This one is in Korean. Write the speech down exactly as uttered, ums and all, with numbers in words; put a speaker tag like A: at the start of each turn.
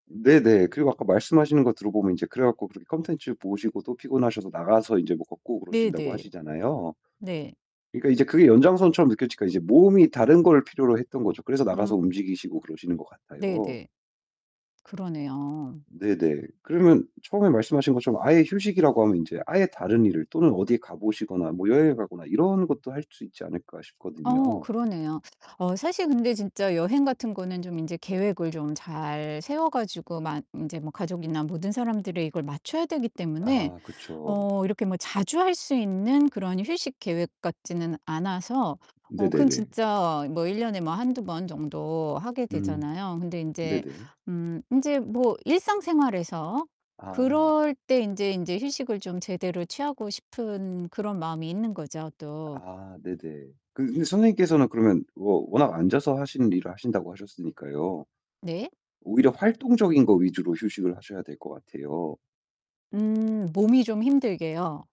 A: 네네. 그리고 아까 말씀하시는 거 들어 보면 이제 그래 가지고 그렇게 콘텐츠 보시고 또 피곤하셔서 나가서 인제 뭐 걷고 그러신다고
B: 네네.
A: 하시잖아요.
B: 네.
A: 그러니까 이제 그게 연장선처럼 느껴지니까 이제 몸이 다른 걸 필요로 했던 거죠. 그래서
B: 음.
A: 나가서 움직이시고 그러시는 것 같아요.
B: 네네. 그러네요.
A: 네네. 그러면 처음에 말씀하신 것처럼 아예 휴식이라고 하면 인제 아예 다른 일을 또는 어디 가 보시거나 뭐 여행을 가거나 '이런 것도 할 수 있지 않을까?'
B: 어
A: 싶거든요.
B: 그러네요. 어 사실 근데 진짜 여행 같은 거는 좀 인제 계획을 좀 잘 세워 가지고 만 인제 뭐 가족이나 모든 사람들이 이걸 맞춰야 되기 때문에
A: 아 그쵸.
B: 어 이렇게 뭐 자주 할 수 있는 그런 휴식 계획 같지는 않아서 어 그건
A: 네네네.
B: 진짜 뭐 일 년에 뭐 한두 번 정도 하게
A: 음
B: 되잖아요. 근데 인제
A: 네네.
B: 음 인제 뭐 일상생활에서
A: 아.
B: 그럴 때 인제, 인제 휴식을 좀 제대로 취하고 싶은 그런 마음이 있는 거죠 또.
A: 아 네네. 그 근데 선생님께서는 그러면 워 워낙 앉아서 하시는 일을 하신다고 하셨으니까요.
B: 네.
A: 오히려 활동적인 거 위주로 휴식을 하셔야 될 것 같아요.
B: 음 몸이 좀 힘들게요.